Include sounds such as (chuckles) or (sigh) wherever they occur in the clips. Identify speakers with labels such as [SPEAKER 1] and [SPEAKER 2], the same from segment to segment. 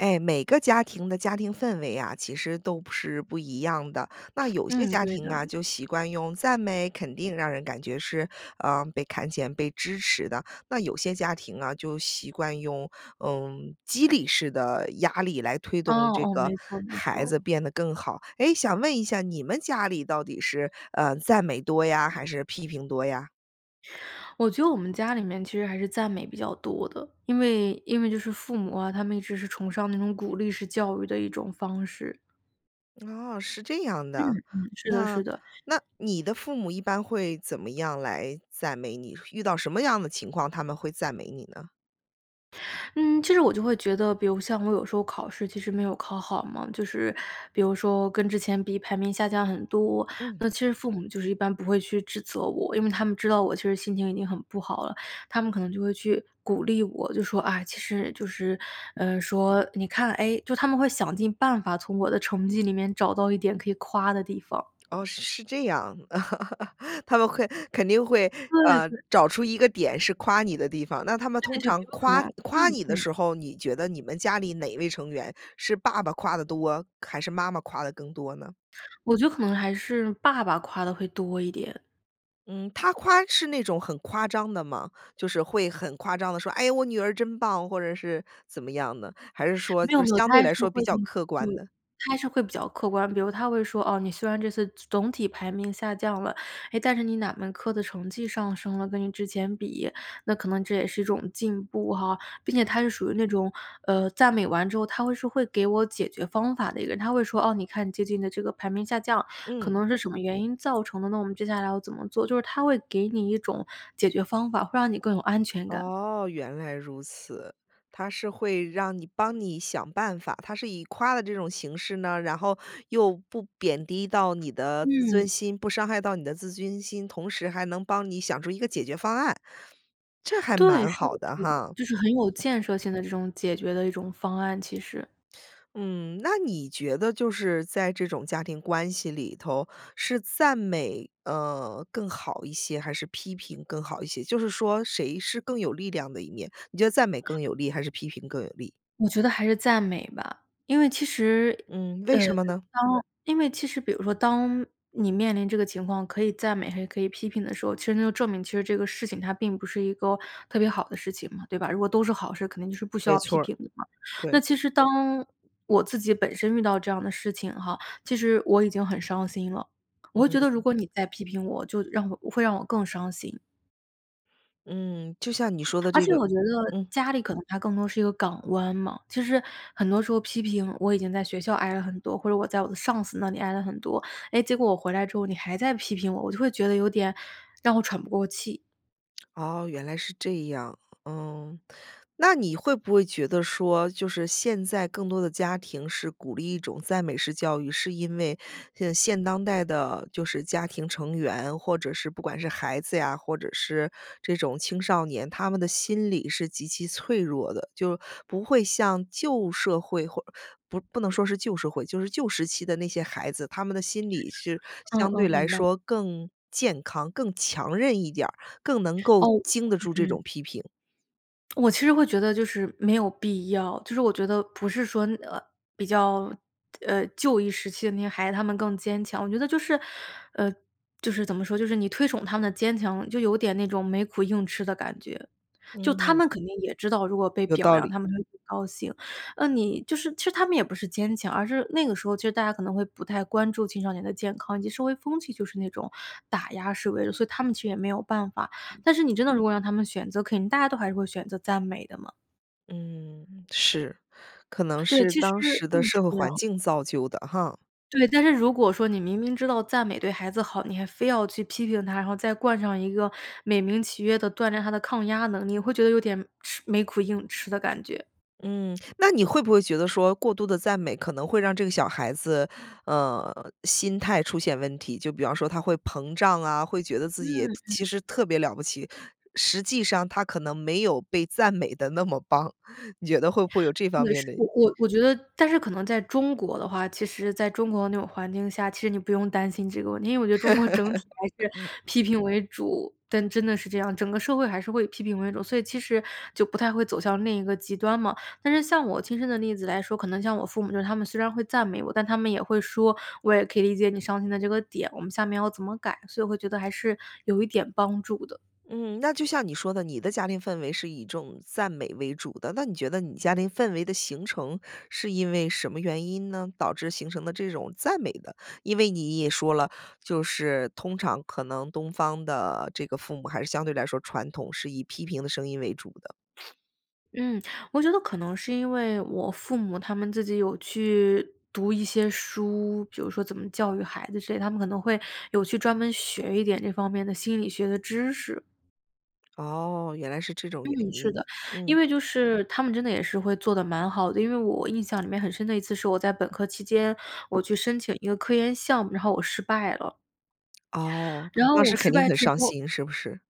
[SPEAKER 1] 诶，每个家庭的家庭氛围啊，其实都不是不一样的。那有些
[SPEAKER 2] 嗯，
[SPEAKER 1] 家
[SPEAKER 2] 对
[SPEAKER 1] 庭
[SPEAKER 2] 的。
[SPEAKER 1] 啊，就习惯用赞美、肯定，让人感觉是，嗯，被看见、被支持的。那有些家庭啊，就习惯用，嗯，激励式的压力来推
[SPEAKER 2] 哦
[SPEAKER 1] 动这
[SPEAKER 2] 哦，
[SPEAKER 1] 个
[SPEAKER 2] 没错没
[SPEAKER 1] 孩子
[SPEAKER 2] 错。
[SPEAKER 1] 变得更好。诶，想问一下你们家里到底是，嗯，赞美多呀，还是批评多呀？
[SPEAKER 2] 我觉得我们家里面其实还是赞美比较多的。因为因为就是父母啊，他们一直是崇尚那种鼓励式教育的一种方式。
[SPEAKER 1] 哦，是这样
[SPEAKER 2] 嗯
[SPEAKER 1] 的。
[SPEAKER 2] 嗯，是的
[SPEAKER 1] 那
[SPEAKER 2] 是的。
[SPEAKER 1] 那你的父母一般会怎么样来赞美你，遇到什么样的情况，他们会赞美你呢？
[SPEAKER 2] (inhales) 嗯，其实我就会觉得，比如像我有时候考试其实没有考好嘛，就是比如说跟之前比排名下降很多。
[SPEAKER 1] 嗯。
[SPEAKER 2] 那其实父母就是一般不会去指责我，因为他们知道我其实心情已经很不好了，他们可能就会去鼓励我。就说：“哎”其实就是，呃，说：“你看”诶，就他们会想尽办法从我的成绩里面找到一点可以夸的地方。
[SPEAKER 1] 哦，是是这样。(chuckles) 他们会肯定会，
[SPEAKER 2] 对
[SPEAKER 1] 嗯，
[SPEAKER 2] 对。
[SPEAKER 1] 找出一个点是夸你的地方。那他们
[SPEAKER 2] 再
[SPEAKER 1] 通
[SPEAKER 2] 就比
[SPEAKER 1] 常
[SPEAKER 2] 如说可能
[SPEAKER 1] 夸夸
[SPEAKER 2] 嗯
[SPEAKER 1] 你的
[SPEAKER 2] 嗯。
[SPEAKER 1] 时候，你觉得你们家里哪位成员是爸爸夸得多，还是妈妈夸得更多呢？
[SPEAKER 2] 我觉得可能还是爸爸夸得会多一点。
[SPEAKER 1] 嗯，他夸是那种很夸张的吗？就是会很夸张地说：“诶，我女儿真棒！”或者是怎么样的，还是说
[SPEAKER 2] 没有
[SPEAKER 1] 就是
[SPEAKER 2] 没有，
[SPEAKER 1] 相
[SPEAKER 2] 他
[SPEAKER 1] 对
[SPEAKER 2] 还
[SPEAKER 1] 来
[SPEAKER 2] 是
[SPEAKER 1] 说
[SPEAKER 2] 会
[SPEAKER 1] 比较客
[SPEAKER 2] 对，
[SPEAKER 1] 观的？
[SPEAKER 2] 他还是会比较客观。比如他会说：“哦，你虽然这次总总体排名下降了，诶，但是你哪门科的成绩上升了，跟你之前比。那可能这也是一种进步哈。”并且他是属于那种，呃，赞美完之后，他会说会给我解决方法的一个人。他会说：“哦，你看你最近的这个排名下降，可
[SPEAKER 1] 嗯。
[SPEAKER 2] 能是什么原因造成的呢？那我们接下来要怎么做？”就是他会给你一种解决方法，会让你更有安全感。
[SPEAKER 1] 哦，原来如此。他是会让你帮你想办法，他是以夸了这种形式呢，然后又不贬低到你的自尊
[SPEAKER 2] 嗯。
[SPEAKER 1] 心不伤害到你的自尊心，同时还能帮你想出一个解决方案，这还
[SPEAKER 2] 对，
[SPEAKER 1] 蛮
[SPEAKER 2] 是的
[SPEAKER 1] 好的
[SPEAKER 2] 是的，
[SPEAKER 1] 哈。
[SPEAKER 2] 就是很有建设性的这种解决的一种方案，其实。
[SPEAKER 1] 嗯，那你觉得就是在这种家庭关系里头，是赞美，呃，更好一些，还是批评更好一些？就是说谁是更有力量的一面，你觉得赞美更有力，还是批评更有力？
[SPEAKER 2] 我觉得还是赞美吧，因为其实
[SPEAKER 1] 嗯，为
[SPEAKER 2] 呃，
[SPEAKER 1] 什么呢？
[SPEAKER 2] 当因为其实比如说，当你面临这个情况，可以赞美还是可以批评的时候。其实那就证明，其实这个事情它并不是一个特别好的事情嘛，对吧？如果都是好事，肯定就是不需
[SPEAKER 1] 没
[SPEAKER 2] 要批
[SPEAKER 1] 错儿，
[SPEAKER 2] 评的嘛。那
[SPEAKER 1] 对。
[SPEAKER 2] 其实当我自己本身遇到这样的事情哈，其实我已经很伤心了，我会觉得如
[SPEAKER 1] 嗯。
[SPEAKER 2] 果你再批评我，就让我会让我更伤心。
[SPEAKER 1] 嗯，就像你说的
[SPEAKER 2] 而
[SPEAKER 1] 这
[SPEAKER 2] 且
[SPEAKER 1] 个
[SPEAKER 2] 我觉得，
[SPEAKER 1] 嗯。
[SPEAKER 2] 家里可能它更多是一个港湾嘛。其实，很多时候批评我已经在学校挨了很多，或者我在我的上司那里挨了很多，诶，结果我回来之后你还在批评我，我就会觉得有点，让我喘不过气。
[SPEAKER 1] 哦，原来是这样。嗯，那你会不会觉得说，就是现在更多的家庭是鼓励一种赞美式教育，是因为，呃，现当代的，就是家庭成员，或者是不管是孩子呀，或者是这种青少年，他们的心理是极其脆弱的。就不会像旧社会或，不不能说是旧社会，就是旧时期的那些孩子，他们的心理是
[SPEAKER 2] 嗯
[SPEAKER 1] 相对
[SPEAKER 2] 嗯，
[SPEAKER 1] 来
[SPEAKER 2] 明白。
[SPEAKER 1] 说更健康、更强韧一点儿，更能够
[SPEAKER 2] 哦
[SPEAKER 1] 经得住这
[SPEAKER 2] 嗯嗯。
[SPEAKER 1] 种批评。
[SPEAKER 2] 我其实会觉得就是没有必要，就是我觉得不是说，呃，比较，呃，旧一时期的那些孩子，他们更坚强。我觉得就是，呃，就是怎么说，就是你推崇他们的坚强，就有点那种没苦硬吃的感觉。就他
[SPEAKER 1] 嗯。
[SPEAKER 2] 们肯定也知道，如果被
[SPEAKER 1] 有
[SPEAKER 2] 表
[SPEAKER 1] 道
[SPEAKER 2] 扬，
[SPEAKER 1] 理。
[SPEAKER 2] 他们会很高兴。那你就是其实他们也不是坚强，而是那个时候其实大家可能会不太关注青少年的健康，以及社会风气就是那种打压示威的，所以他们其实也没有办法。但是你真的如果让他们选择，肯定大家都还是会选择赞美的嘛。
[SPEAKER 1] 嗯，是，可能
[SPEAKER 2] 对，
[SPEAKER 1] 是
[SPEAKER 2] 其实
[SPEAKER 1] 当时
[SPEAKER 2] 嗯，
[SPEAKER 1] 的社
[SPEAKER 2] 是
[SPEAKER 1] 会
[SPEAKER 2] 这样。
[SPEAKER 1] 环境造就的哈。
[SPEAKER 2] 对，但是如果说你明明知道赞美对孩子好，你还非要去批评他，然后再冠上一个美名其曰地锻炼他的抗压能力，你会觉得有点吃没苦硬吃的感觉。
[SPEAKER 1] 嗯，那你会不会觉得说过度地赞美可能会让这个小孩子，呃，心态出现问题，就比方说他会膨胀啊，会觉得自
[SPEAKER 2] 嗯
[SPEAKER 1] 己其
[SPEAKER 2] 嗯。
[SPEAKER 1] 实特别了不起。实际上他可能没有被赞美得那么棒。你觉得会不会有这方
[SPEAKER 2] 对，
[SPEAKER 1] 面
[SPEAKER 2] 是，
[SPEAKER 1] 的
[SPEAKER 2] 我我我觉得但是可能在中国的话，其实在中国那种环境下，其实你不用担心这个问题。因为我觉得中国整体还是批
[SPEAKER 1] (laughs)
[SPEAKER 2] 评为主，但，真的是这样，整个社会还是会以批评为主。所以其实就不太会走向另一个极端嘛。但是像我亲身的例子来说，可能像我父母就他们虽然会赞美我，但他们也会说：“我也可以理解你伤心的这个点，我们下面要怎么改”，所以会觉得还是有一点帮助的。
[SPEAKER 1] 嗯，那就像你说的，你的家庭氛围是以一种赞美为主的。那你觉得你家庭氛围的形成是因为什么原因呢？导致形成的这种赞美的。因为你也说了，就是通常可能东方的这个父母还是相对来说传统是以批评的声音为主的。
[SPEAKER 2] 嗯，我觉得可能是因为，我父母他们自己有去读一些书。比如说怎么教育孩子之类，他们可能会有去专门学一点这方面的心理学的知识。
[SPEAKER 1] 哦，原来是这种原
[SPEAKER 2] 嗯，是
[SPEAKER 1] 因，
[SPEAKER 2] 的。
[SPEAKER 1] 嗯。
[SPEAKER 2] 因为就是他们真的也是会做得蛮好的。因为我印象里面很深的一次是我在本科期间，我去申请一个科研项目，然后我失败了。
[SPEAKER 1] 哦，
[SPEAKER 2] 然后
[SPEAKER 1] 那
[SPEAKER 2] 我
[SPEAKER 1] 是肯
[SPEAKER 2] 失
[SPEAKER 1] 定
[SPEAKER 2] 败
[SPEAKER 1] 很
[SPEAKER 2] 之
[SPEAKER 1] 伤
[SPEAKER 2] 后
[SPEAKER 1] 心，是不是？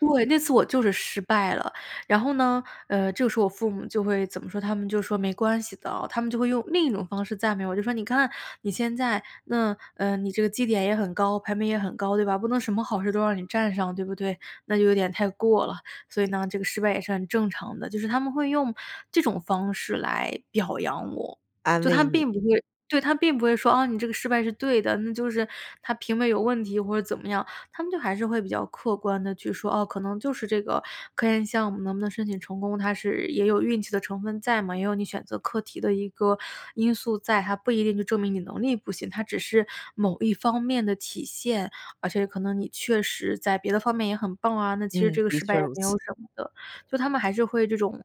[SPEAKER 2] 对，那次我就是失败了。然后呢，呃，这个时候我父母就会怎么说？他们就说：“没关系的。”他们就会用另一种方式赞美我，就说：“你看你现在那，呃，你这个绩点也很高，排名也很高，对吧？不能什么好事儿都让你占上，对不对？那就有点太过了。所以呢这个失败也是很正常的。”就是他们会用这种方式来表扬我。
[SPEAKER 1] 安
[SPEAKER 2] 就他
[SPEAKER 1] 慰你。
[SPEAKER 2] 并不会对，他并不会说：“啊，你这个失败是对的，那就是他评委有问题”，或者怎么样。他们就还是会比较客观地去说：“哦，可能就是这个科研项目能不能申请成功，它是也有运气的成分在嘛，也有你选择课题的一个因素在。它不一定就证明你能力不行，它只是某一方面的体现。而且可能你确实在别的方面也很棒啊，那其实
[SPEAKER 1] 嗯，
[SPEAKER 2] 这个
[SPEAKER 1] 的
[SPEAKER 2] 失败
[SPEAKER 1] 确
[SPEAKER 2] 也
[SPEAKER 1] 如
[SPEAKER 2] 没有
[SPEAKER 1] 此。
[SPEAKER 2] 什么的。”就他们还是会这种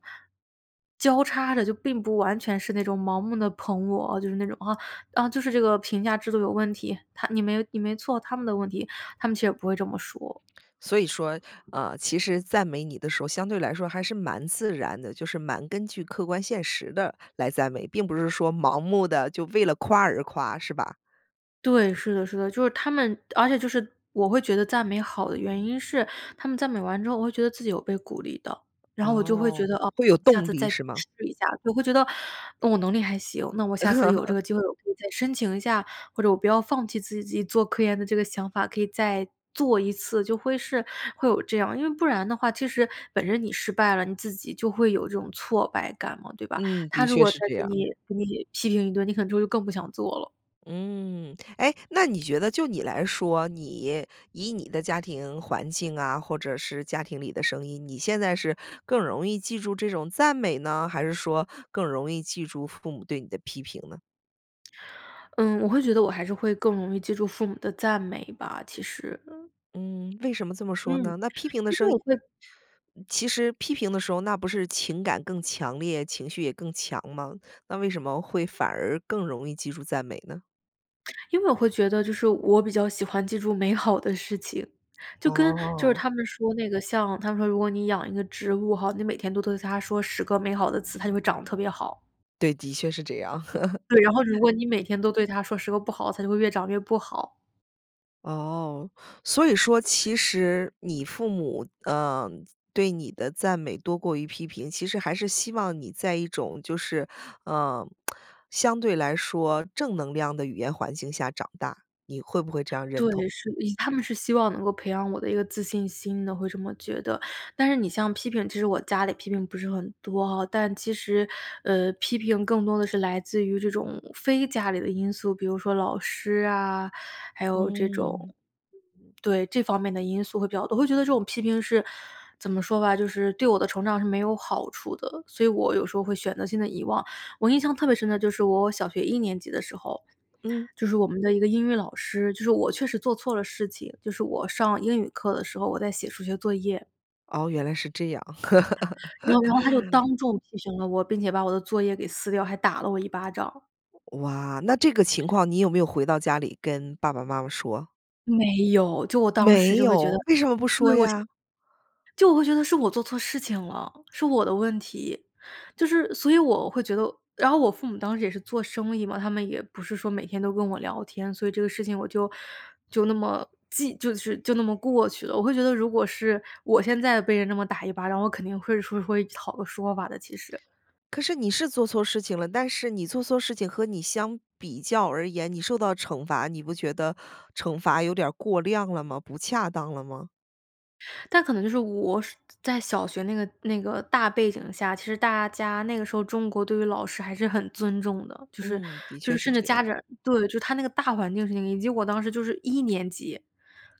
[SPEAKER 2] 交叉着，就并不完全是那种盲目地捧我，呃，就是那种，啊，“啊，就是这个评价制度有问题，它你没你没错。他们的问题“。他们其实也不会这么说。
[SPEAKER 1] 所以说，呃，其实赞美你的时候，相对来说还是蛮自然的。就是蛮根据客观现实地来赞美，并不是说盲目的，就为了夸而夸，是吧？
[SPEAKER 2] 对，是的是的，就是他们，而且就是，我会觉得赞美好的原因是，他们赞美完之后我会觉得自己有被鼓励到。然后我就会觉
[SPEAKER 1] 哦，
[SPEAKER 2] 得，哦，
[SPEAKER 1] 会有
[SPEAKER 2] 下
[SPEAKER 1] 动
[SPEAKER 2] 次
[SPEAKER 1] 力
[SPEAKER 2] 再去
[SPEAKER 1] 是吗？
[SPEAKER 2] 试一下，对，会觉得：“嗯，我能力还行，那我下次有这
[SPEAKER 1] (chuckles)
[SPEAKER 2] 个机会我可以再申请一下，或者我不要放弃自己自己做科研的这个想法，可以再做一次。”就会是会有这样。因为不然的话，其实本身你失败了，你自己就会有这种挫败感嘛，对吧？
[SPEAKER 1] 嗯，的
[SPEAKER 2] 他如
[SPEAKER 1] 确
[SPEAKER 2] 果再
[SPEAKER 1] 是这
[SPEAKER 2] 给
[SPEAKER 1] 样。
[SPEAKER 2] 你给你批评一顿，你可能之后就更不想做了。
[SPEAKER 1] 嗯，诶，那你觉得就你来说，你以你的家庭环境啊，或者是家庭里的声音，你现在是更容易记住这种赞美呢，还是说更容易记住父母对你的批评呢？
[SPEAKER 2] (smacks lips) 嗯，我会觉得我还是会更容易记住父母的赞美吧，其实。嗯。
[SPEAKER 1] 嗯，为什么这么说
[SPEAKER 2] 嗯，
[SPEAKER 1] 呢？那批评的
[SPEAKER 2] 因
[SPEAKER 1] 声
[SPEAKER 2] 为
[SPEAKER 1] 音
[SPEAKER 2] 我会
[SPEAKER 1] 嗯，其实批评的时候那不是情感更强烈，情绪也更强吗？那为什么会反而更容易记住赞美呢？
[SPEAKER 2] 因为我会觉得就是，我比较喜欢记住美好的事情，就跟就是
[SPEAKER 1] 哦。
[SPEAKER 2] 他们说那个像他们说如果你养一个植物哈，你每天都对着它说10个美好的词，它就会长得特别好。
[SPEAKER 1] 对，的确是这样。
[SPEAKER 2] 对，然后如果
[SPEAKER 1] (chuckles)
[SPEAKER 2] 你每天都对它说10个不好，它就会越长越不好。
[SPEAKER 1] 哦，所以说其实你父母，呃，对你的赞美多过于批评，其实还是希望你在一种就是，呃，(smacks lips) 相对来说正能量的语言环境下长大，你会不会这样认
[SPEAKER 2] 对，
[SPEAKER 1] 同？
[SPEAKER 2] 是呃，他们是希望能够培养我的一个自信心的，会这么觉得。但是你像批评，其实我家里批评不是很多吼。但其实，呃，批评更多地是来自于这种非家里的因素，比如说老师啊，还有这
[SPEAKER 1] 嗯。
[SPEAKER 2] 种对，这方面的因素会比较多。我会觉得这种批评是，怎么说吧，就是对我的成长是没有好处的，所以我有时候会选择性地遗忘。我印象特别深的就是我小学一年级的时候，
[SPEAKER 1] 嗯。
[SPEAKER 2] 就是我们的一个英语老师，就是我确实做错了事情，就是我上英语课的时候，我在写数学作业。
[SPEAKER 1] 哦，原来是这样。
[SPEAKER 2] 然后然后他就
[SPEAKER 1] (laughs)
[SPEAKER 2] 当众提醒了我，并且把我的作业给撕掉，还打了我一巴掌。
[SPEAKER 1] 哇，那这个情况你有没有回到家里跟爸爸、妈妈说？
[SPEAKER 2] 没有，就我当时
[SPEAKER 1] 没
[SPEAKER 2] 就会觉得
[SPEAKER 1] 有，为什么不说
[SPEAKER 2] 对我现
[SPEAKER 1] 呀？
[SPEAKER 2] 就我会觉得是我做错事情了，是我的问题。就是所以我会觉得，然后我父母当时也是做生意嘛，他们也不是说每天都跟我聊天，所以这个事情我就就那么记就是，就那么过去了。我会觉得如果是我现在被人那么打一巴掌，我肯定会说会讨个说法的其实。
[SPEAKER 1] 可是你是做错事情了，但是你做错事情和你相比较而言，你受到惩罚，你不觉得惩罚有点儿过量了吗？不恰当了吗？
[SPEAKER 2] 但可能就是，我是，在小学那个那个大背景下，其实大家那个时候中国对于老师还是很尊重的。就是
[SPEAKER 1] 嗯，的
[SPEAKER 2] 就
[SPEAKER 1] 确
[SPEAKER 2] 是
[SPEAKER 1] 是
[SPEAKER 2] 甚至
[SPEAKER 1] 这
[SPEAKER 2] 家
[SPEAKER 1] 样。
[SPEAKER 2] 长对，就它那个大环境是那个，以及我当时就是1年级，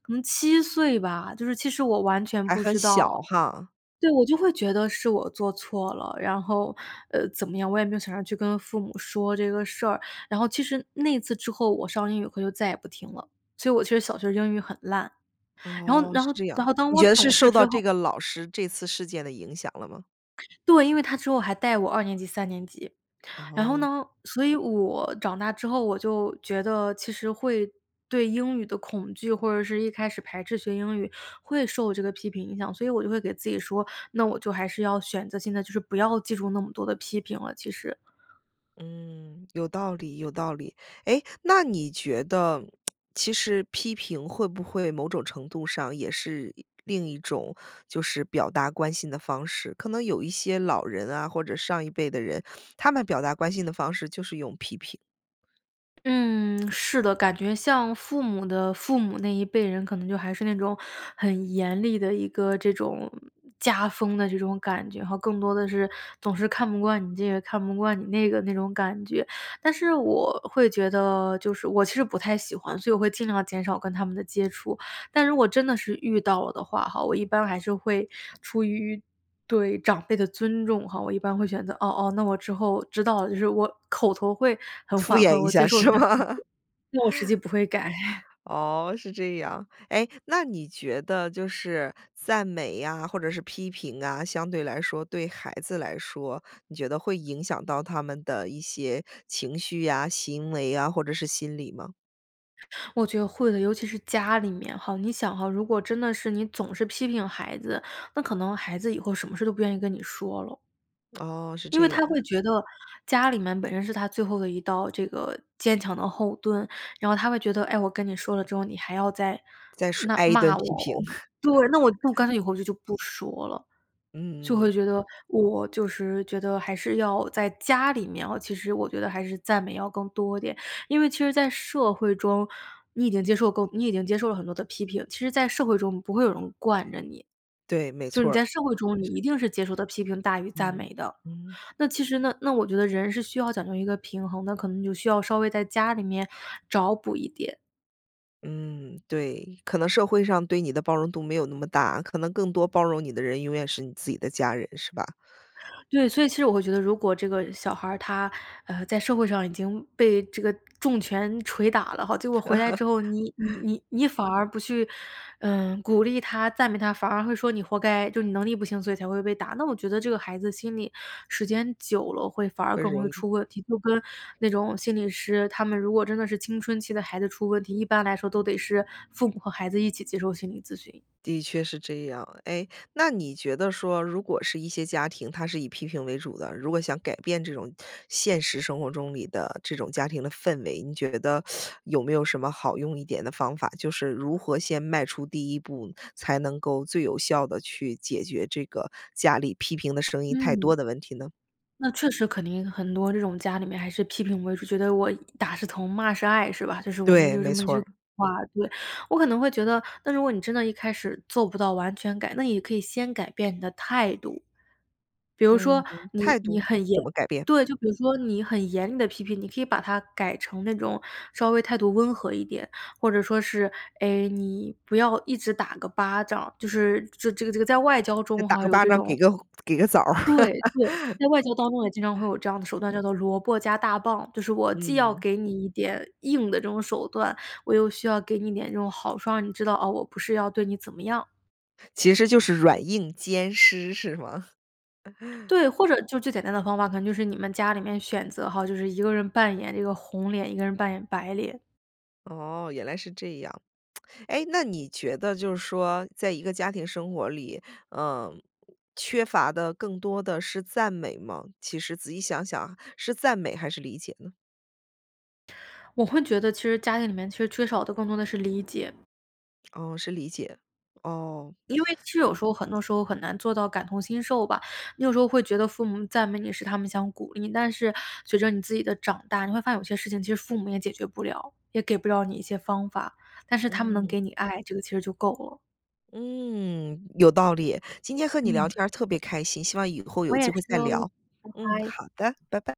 [SPEAKER 2] 可能7岁吧，就是其实我完全
[SPEAKER 1] 还
[SPEAKER 2] 不
[SPEAKER 1] 很
[SPEAKER 2] 知
[SPEAKER 1] 小
[SPEAKER 2] 道。
[SPEAKER 1] 哈。
[SPEAKER 2] 对，我就会觉得是我做错了。然后，呃，怎么样，我也没有想着去跟父母说这个事儿。然后其实，那一次之后我上英语课就再也不听了，所以我其实小学英语很烂，然后
[SPEAKER 1] 哦，
[SPEAKER 2] 然
[SPEAKER 1] 是
[SPEAKER 2] 后
[SPEAKER 1] 这
[SPEAKER 2] 然
[SPEAKER 1] 样。
[SPEAKER 2] 后当
[SPEAKER 1] 你
[SPEAKER 2] 我
[SPEAKER 1] 觉得是
[SPEAKER 2] 懂事
[SPEAKER 1] 受
[SPEAKER 2] 之
[SPEAKER 1] 到这
[SPEAKER 2] 后
[SPEAKER 1] 个老师这次事件的影响了吗？
[SPEAKER 2] 对，因为他之后还带我2年级3年级。然后
[SPEAKER 1] 哦。
[SPEAKER 2] 呢，所以我，长大之后，我就觉得其实会，对英语的恐惧，或者是一开始排斥学英语，会受这个批评影响。所以我就会给自己说，那我就还是要选择性地就是不要记住那么多的批评了，其实。
[SPEAKER 1] 嗯，有道理有道理。诶，那你觉得，(smacks lips) 其实批评会不会某种程度上也是，一另一种就是表达关心的方式？可能有一些老人啊，或者上一辈的人，他们表达关心的方式就是用批评。
[SPEAKER 2] 嗯，是的，感觉像父母的父母那一辈人可能就还是那种，很严厉的一个这种，家风的这种感觉吼，更多的是，总是看不惯你这个看不惯你那个那种感觉。但是我会觉得就是我其实不太喜欢，所以我会尽量减少跟他们的接触。但如果真的是遇到了的话哈，我一般还是会出于，对长辈的尊重哈，我一般会选择：“哦哦，那我之后知道了”，就是我口头会很
[SPEAKER 1] 敷
[SPEAKER 2] 缓
[SPEAKER 1] 衍
[SPEAKER 2] 和，
[SPEAKER 1] 一
[SPEAKER 2] 我接
[SPEAKER 1] 下
[SPEAKER 2] 受你
[SPEAKER 1] 是
[SPEAKER 2] 的批评，
[SPEAKER 1] 吗？
[SPEAKER 2] 但我实际
[SPEAKER 1] (chuckles)
[SPEAKER 2] 不会改。
[SPEAKER 1] 哦，是这样。诶，那你觉得就是赞美呀，或者是批评啊，相对来说，对孩子来说，你觉得会影响到他们的一些情绪呀、行为啊，或者是心理吗？
[SPEAKER 2] 我觉得会的，尤其是家里面哈。你想哈，如果真的是你总是批评孩子，那可能孩子以后什么事都不愿意跟你说了。
[SPEAKER 1] 哦，是
[SPEAKER 2] 因为
[SPEAKER 1] 这
[SPEAKER 2] 他
[SPEAKER 1] 样。
[SPEAKER 2] 会觉得家里面本身是他最后的一道这个坚强的后盾，然后他会觉得：“诶，我跟你说了之后，你还要在
[SPEAKER 1] 再说
[SPEAKER 2] 那
[SPEAKER 1] 挨一顿
[SPEAKER 2] 骂我
[SPEAKER 1] 批评。
[SPEAKER 2] 哦”，对，“那我以后
[SPEAKER 1] (chuckles)
[SPEAKER 2] 干脆以后就就不说了。”就
[SPEAKER 1] 嗯嗯。
[SPEAKER 2] 会觉得我就是觉得还是要在家里面哦，其实我觉得还是赞美要更多点。因为其实在社会中，你已经接受够你已经接受了很多的批评，其实在社会中，不会有人惯着你。
[SPEAKER 1] 对，没
[SPEAKER 2] 就
[SPEAKER 1] 错
[SPEAKER 2] 你
[SPEAKER 1] 儿。
[SPEAKER 2] 在社会中，
[SPEAKER 1] 呃，
[SPEAKER 2] 你
[SPEAKER 1] 是。
[SPEAKER 2] 一定是接受的批评大于赞
[SPEAKER 1] 嗯，
[SPEAKER 2] 美的。
[SPEAKER 1] 嗯。
[SPEAKER 2] 那其实呢，那我觉得人是需要讲究一个平衡，那可能就需要稍微在家里面找补一点。
[SPEAKER 1] 嗯，对，可能社会上对你的包容度没有那么大。可能更多包容你的人，永远是你自己的家人，是吧？
[SPEAKER 2] 对，所以其实我会觉得，如果这个小孩儿他，呃，在社会上已经被这个重拳捶打了哈，结果回来之后，你你
[SPEAKER 1] (chuckles)
[SPEAKER 2] 你你反而不去，呃，鼓励他、赞美他，反而会说你活该，就你能力不行，所以才会被打。那我觉得这个孩子的心里，时间久了会反而
[SPEAKER 1] 更
[SPEAKER 2] 更容
[SPEAKER 1] 容
[SPEAKER 2] 易
[SPEAKER 1] 易。
[SPEAKER 2] 出问题。就跟那种心理师，他们如果真的是青春期的孩子出问题，一般来说都得是父母和孩子一起接受心理咨询。
[SPEAKER 1] 的确是这样。诶，那你觉得说，如果是一些家庭，它是以批评为主的，如果想改变这种现实生活中里的这种家庭的氛围，你觉得 (sucks teeth) 有没有什么好用一点的方法？就是如何先迈出第一步，才能够最有效地去解决这个家里批评的声音太多
[SPEAKER 2] 嗯。
[SPEAKER 1] 的问题呢？
[SPEAKER 2] 那确实肯定很多这种家里面还是批评为主，觉得我“打是疼骂是爱”是吧？就是我们
[SPEAKER 1] 对，
[SPEAKER 2] 就这
[SPEAKER 1] 没
[SPEAKER 2] 么一
[SPEAKER 1] 错
[SPEAKER 2] 句古
[SPEAKER 1] 儿。
[SPEAKER 2] 话。对，我可能会觉得，那如果你真的一开始做不到完全改，那也可以先改变你的态度。比如说
[SPEAKER 1] 嗯，
[SPEAKER 2] 你
[SPEAKER 1] 态
[SPEAKER 2] 你
[SPEAKER 1] 度，
[SPEAKER 2] 很
[SPEAKER 1] 怎
[SPEAKER 2] 严
[SPEAKER 1] 么改变？
[SPEAKER 2] 对，就比如说你很严厉的批评，你可以把它改成那种稍微态度温和一点，或者说是诶，你不要一直打个巴掌，就是这这个这个在外交
[SPEAKER 1] 这
[SPEAKER 2] 中
[SPEAKER 1] 打
[SPEAKER 2] 哈，
[SPEAKER 1] 个
[SPEAKER 2] 有
[SPEAKER 1] 巴
[SPEAKER 2] 这
[SPEAKER 1] 掌给
[SPEAKER 2] 种
[SPEAKER 1] 个红给个枣儿。
[SPEAKER 2] 对，对，
[SPEAKER 1] (laughs)
[SPEAKER 2] 在外交当中也经常会有这样的手段，叫做“萝卜加大棒”。就是我既要
[SPEAKER 1] 嗯。
[SPEAKER 2] 给你一点硬的这种手段，我又需要给你一点这种好处。让你知道，啊，我不是要对你怎么样。
[SPEAKER 1] 其实就是软硬兼施，是吗？(chuckles)
[SPEAKER 2] 对，或者就最简单的方法，可能就是你们家里面选择哈，就是一个人扮演这个红脸，一个人扮演白脸。
[SPEAKER 1] 哦，原来是这样。(smacks lips) 诶，那你觉得就是说在一个家庭生活里，嗯，缺乏的更多的是赞美吗？其实仔细想想，是赞美还是理解呢？
[SPEAKER 2] 我会觉得其实家庭里面，其实缺少的更多的是理解。
[SPEAKER 1] 哦，是理解，哦。
[SPEAKER 2] 因为其实有时候很多时候，很难做到感同身受吧。你有时候会觉得父母赞美你是他们想鼓励，但是随着你自己的长大，你会发现有些事情，其实父母也解决不了，也给不了你一些方法。但是他们能
[SPEAKER 1] 嗯。
[SPEAKER 2] 给你爱，这个其实就够了。
[SPEAKER 1] 嗯，有道理，今天和你聊
[SPEAKER 2] 嗯。
[SPEAKER 1] 天儿特别开心，希望以后有
[SPEAKER 2] 我也
[SPEAKER 1] 机会
[SPEAKER 2] 是
[SPEAKER 1] 再
[SPEAKER 2] 哦。
[SPEAKER 1] 聊，
[SPEAKER 2] 拜
[SPEAKER 1] 嗯，
[SPEAKER 2] 拜。
[SPEAKER 1] 好的，拜拜。